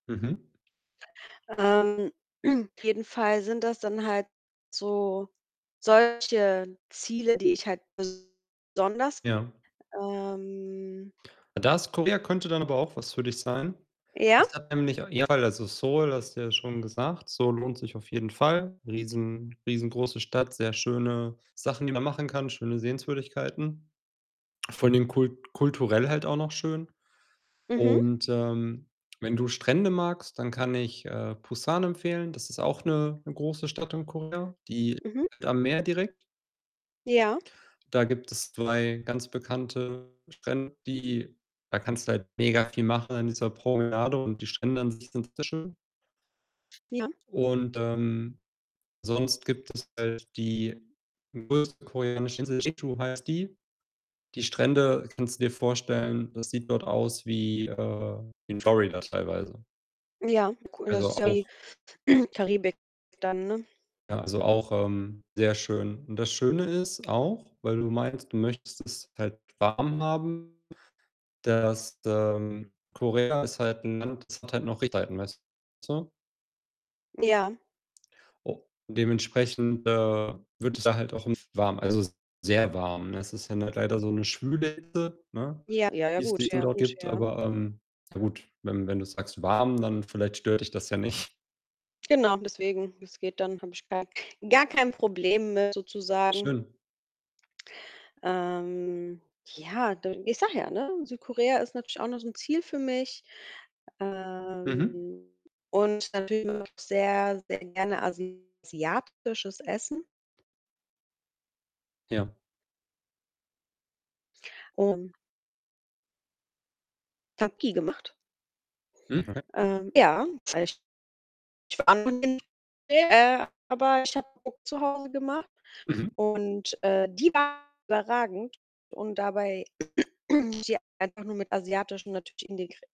Mhm. Ähm, auf jeden Fall sind das dann halt so solche Ziele, die ich halt besonders Ja. ähm Da ist Korea könnte dann aber auch was für dich sein. Ja? Das hat nämlich [unintelligible] ja, also, Seoul hast du ja schon gesagt. Seoul lohnt sich auf jeden Fall. Riesen riesengroße Stadt, sehr schöne Sachen, die man machen kann, schöne Sehenswürdigkeiten. Vor allen Dingen kult kulturell halt auch noch schön Mhm. und, ähm, wenn du Strände magst, dann kann ich, äh, Busan empfehlen. Das ist auch 'ne 'ne große Stadt in Korea, die Mhm. liegt am Meer direkt. Ja. Da gibt es 2 ganz bekannte Strände, die da kannst du halt mega viel machen an dieser Promenade und die Strände an sich sind sehr schön. Ja. Und, ähm, sonst gibt es halt die größte koreanische Insel, Jeju heißt die. Die Strände kannst du dir vorstellen, das sieht dort aus wie, äh, in Florida teilweise. Ja, [unintelligible] das Also, ist ja auch wie Karibik dann, ne? ja, also, auch, ähm, sehr schön und das Schöne ist auch, weil du meinst, du möchtest es halt warm haben, dass, ähm Korea ist halt 'n Land, das hat halt noch [unintelligible] weißt du. Ja. Und dementsprechend, äh, wird es da halt auch [unintelligible] warm, also, sehr warm ne? Es ist ja leider so 'ne schwüle Hitze, ne, Ja. Ja, ja die es gut. [unintelligible] Ja dort gut, gibt, ja. aber, ähm, na gut, wenn wenn du sagst warm, dann vielleicht stört dich das ja nicht. Genau, deswegen, das geht dann, habe ich kein gar kein Problem mit sozusagen. Schön. Ähm, ja, du, ich sage ja, ne, Südkorea ist natürlich auch noch so 'n Ziel für mich. Mhm. Ähm, und natürlich mag ich sehr sehr gerne asiatisches Essen. Ja. Und [unintelligible] gemacht. [unintelligible] Ähm, ja, ich war mal in Korea, aber ich habe [unintelligible] zu Hause gemacht Mhm. und, äh, die war überragend und dabei habe ich die einfach nur mit asiatischen, natürlich [unintelligible]